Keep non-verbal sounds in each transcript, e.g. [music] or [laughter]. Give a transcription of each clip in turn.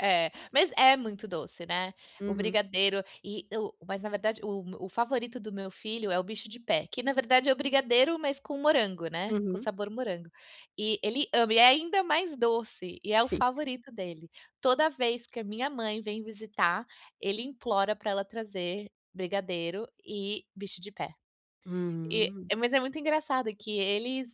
É, mas é muito doce, né. O Uhum. brigadeiro, e o mas na verdade o o favorito do meu filho é o bicho de pé, que na verdade é o brigadeiro mas com morango, né, com Uhum. sabor morango. E ele ama e é ainda mais doce, e é o Sim. favorito dele. Toda vez que a minha mãe vem visitar, ele implora para ela trazer brigadeiro e bicho de pé. E Uhum. mas é muito engraçado que eles,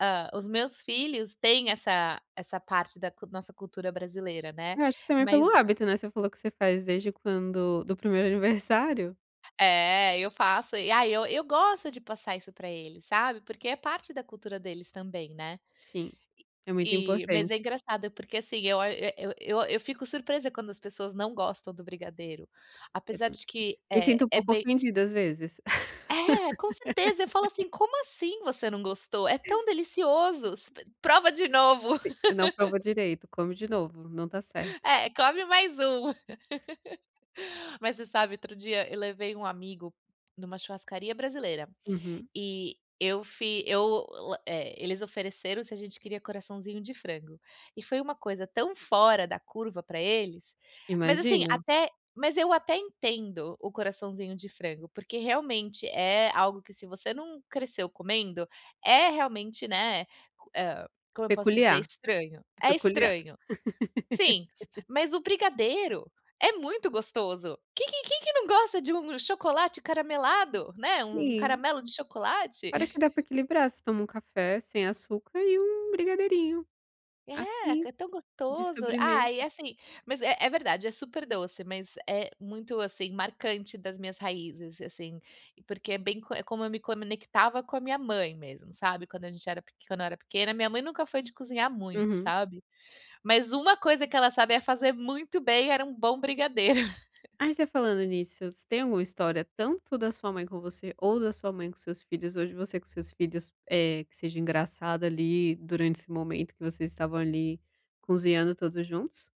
hã, os meus filhos têm essa essa parte da c nossa cultura brasileira, né. Eu acho que também pelo Mas hábito, né, você falou que você faz desde quando do primeiro aniversário. É, eu faço e ai eu eu gosto de passar isso para eles, sabe. Porque é parte da cultura deles também, né. Sim, é muito E mas é importante. engraçado porque assim, eu o eu eu fico surpresa quando as pessoas não gostam do brigadeiro. Apesar [unintelligible] de que Me é sinto um é pouco bem ofendido às vezes. É, com certeza, eu falo [laughs] assim: "Como assim você não gostou? É tão delicioso, s prova de novo". Si não provou [laughs] direito. Come de novo, não está certo. É, come mais um. [laughs] Mas você sabe, outro dia eu levei um amigo numa churrascaria brasileira, Uhum. e eu fi eu, eh, eles ofereceram se a gente queria coraçãozinho de frango. E foi uma coisa tão fora da curva para eles, mas assim, Imagino. até mas eu até entendo o coraçãozinho de frango, porque realmente é algo que, se você não cresceu comendo, é realmente, né, eh, como eu posso dizer, Peculiar, estranho, é é peculiar. estranho. Sim, [laughs] mas o brigadeiro é muito gostoso. Quem que quem que não gosta de um chocolate caramelado, né, um Sim. caramelo de chocolate. Fora que [chuckles] dá para equilibrar, você toma um café sem açúcar e um brigadeirinho, É, assim, é tão de gostoso. Ah, sobremesa. e assim mas é é verdade, é super doce, mas é muito, assim, marcante das minhas raízes, assim, porque é bem é como eu me conectava com a minha mãe mesmo, sabe. Quando a gente era peq quando eu era pequena, minha mãe nunca foi de cozinhar muito, Uhum. sabe, mas uma coisa que ela sabia fazer muito bem era um bom brigadeiro. [laughs] Aí, você falando nisso, você tem alguma história, tanto da sua mãe com você, ou da sua mãe com seus filhos, hoje você com seus filhos, eh, que seja engraçado ali durante esse momento que vocês estavam ali cozinhando todos juntos?